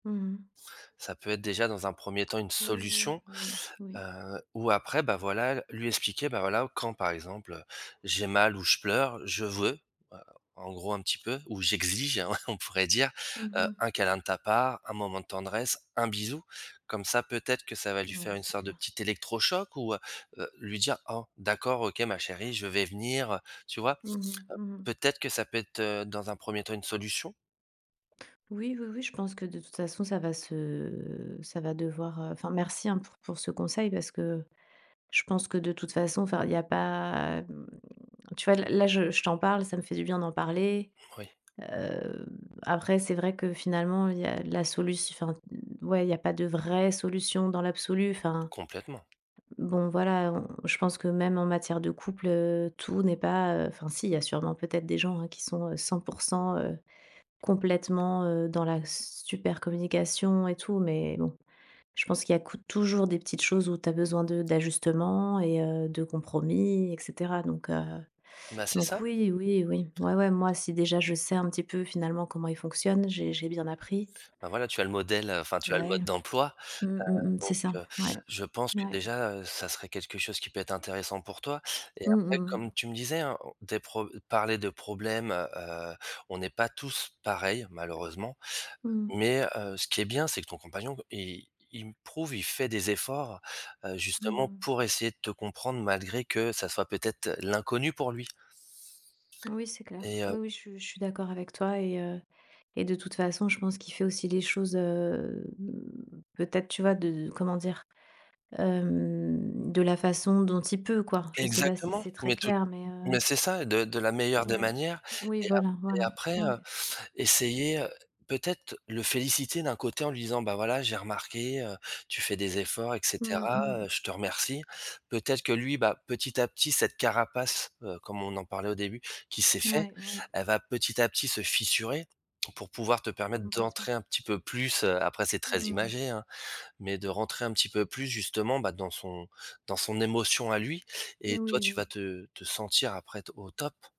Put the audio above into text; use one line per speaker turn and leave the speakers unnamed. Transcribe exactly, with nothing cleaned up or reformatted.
Mmh mh.
Ça peut être déjà dans un premier temps une
Oui, oui,
solution,
oui, oui.
heu, ou, après, bah, voilà, lui expliquer, bah, voilà: «Quand, par exemple, j'ai mal ou je pleure, je veux, heu, en gros, un petit peu ou j'exige», hein, on pourrait dire,
Mmh
heu:
mh.
«Un câlin de ta part, un moment de tendresse, un bisou». Comme ça peut-être, que ça va lui
Ouais,
faire une
c'est
sorte de
clair.
petit électrochoc, ou, heu heu, lui dire: «Oh, d'accord, OK, ma chérie, je vais venir», tu vois? Heu,
Mmh mh. Mmh mh.
peut-être que ça peut être, dans un premier temps, une solution?
Oui, oui, oui, je pense que de toute façon, ça va se ça va devoir, heu enfin, merci, hein, pour pour ce conseil parce que je pense que de toute façon enfin il y a pas, mmh, tu vois, l là je je t'en parle, ça me fait du bien d'en parler.
Oui.
Heu, après, c'est vrai que finalement, il y a la solut enfin, ouais, il y a pas de vraie solution dans l'absolu. Enfin,
Complètement.
bon, voilà, on je pense que même en matière de couple, heu, tout n'est pas, heu enfin, si, il y a sûrement peut-être des gens, heu, qui sont cent pour cent, heu, complètement, heu, dans la super communication et tout. Mais bon, je pense qu'il y a cou toujours des petites choses où tu as besoin de d'ajustement et heu, de compromis et caetera. Donc, heu,
Bah, c'est
donc,
ça.
oui, oui, oui, ouais, ouais, moi si déjà, je sais un petit peu, finalement, comment il fonctionne, j'ai j'ai bien appris.
Bah voilà, tu as le modèle, enfin, tu as le
Ouais,
mode d'emploi. Heu,
mmh mh, mmh. C'est
donc,
ça.
heu,
Ouais,
je pense que
ouais.
déjà, heu, ça serait quelque chose qui peut être intéressant pour toi. Et
Mmh
après,
mmh
comme
mh.
tu me disais, hein, o des pro parler de problème, heu heu, on n'est pas tous pareils malheureusement,
Mmh mh.
mais, heu, ce qui est bien, c'est que ton compagnon, il il me prouve, il fait des efforts, heu,
Mmh
justement
mh.
pour essayer de te comprendre malgré que ça soit peut-être l'inconnu pour lui?
Oui, c'est clair.
Et heu
Oui, oui, je suis je suis d'accord avec toi et heu et de toute façon, je pense qu'il fait aussi les choses, heu, peut être, tu vois, de comment dire? Heu, de la façon dont il peut, quoi. Je sais pas si
Exactement,
c'est très
mais tout
clair, mais heu
mais c'est ça, de de la meilleure des
Oui,
manières.
oui,
Et ap
voilà,
et
voilà.
après, heu,
Ouais.
essayer, heu, peut-être le féliciter d'un côté en lui disant: «Bah voilà, j'ai remarqué, heu, tu fais des efforts et
Mmh
cetera, heu,
mh.
je te remercie». Peut-être que lui, bah, petit à petit, cette carapace, heu, comme on en parlait au début, qui s'est fait,
Ouais, ouais.
elle va petit à petit se fissurer pour pouvoir te permettre d'entrer
Complètement.
un petit peu plus. Heu, après c'est très
Mmh.
imagé, hein, mais de rentrer un petit peu plus justement, bah, dans son dans son émotion à lui et toi
Oui,
tu vas
oui.
te te sentir après te au top.